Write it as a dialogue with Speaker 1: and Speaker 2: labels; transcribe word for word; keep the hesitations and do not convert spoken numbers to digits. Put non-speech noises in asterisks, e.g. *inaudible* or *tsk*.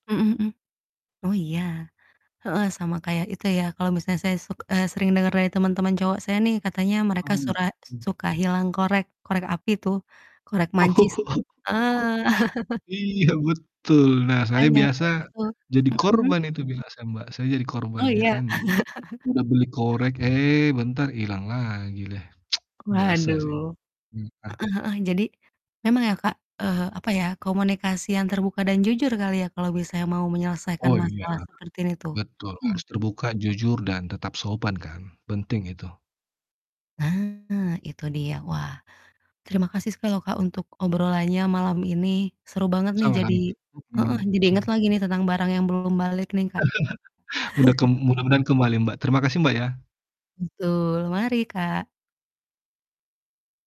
Speaker 1: Mhm mhm. Oh, iya. Heeh, sama kayak itu ya, kalo misalnya saya suk eee, sering denger dari teman-teman cowok saya nih, katanya mereka
Speaker 2: Mmm,
Speaker 1: sura
Speaker 2: m
Speaker 1: suka hilang korek korek api tuh, korek mancis, tuh,
Speaker 2: *laughs*
Speaker 1: heeh. *laughs*
Speaker 2: Iya, betul. Nah, saya
Speaker 1: Makanya
Speaker 2: biasa
Speaker 1: kan itu
Speaker 2: jadi
Speaker 1: mhm.
Speaker 2: korban itu binasa, Mbak. Saya jadi korban,
Speaker 1: Oh,
Speaker 2: ya
Speaker 1: iya?
Speaker 2: kan, jadi
Speaker 1: *laughs*
Speaker 2: udah beli korek, eh, bentar ilang lagi leh, *tsk* biasa sih,
Speaker 1: Waduh.
Speaker 2: mmm, ah.
Speaker 1: Heeh heeh. Jadi memang ya, Kak, eee, apa ya, komunikasi yang terbuka dan jujur kali ya, kalau misalnya mau menyelesaikan
Speaker 2: Oh, iya,
Speaker 1: masalah sepertin itu.
Speaker 2: betul,
Speaker 1: Mmm.
Speaker 2: harus terbuka, jujur, dan tetap sopan kan, penting itu.
Speaker 1: Nah, itu dia. Wah, terima kasih sekali loh, Kak, untuk obrolannya malam ini. Seru banget nih, jadi
Speaker 2: Sama-sama, Kak.
Speaker 1: heeh,
Speaker 2: Mhm.
Speaker 1: jadi inget
Speaker 2: Sama-sama.
Speaker 1: lagi nih, tentang barang yang belum balik nih, Kak. *laughs*
Speaker 2: *laughs* Mudah ke mudah-mudahan kembali, Mbak. Terima kasih, Mbak, ya.
Speaker 1: Betul, mari, Kak.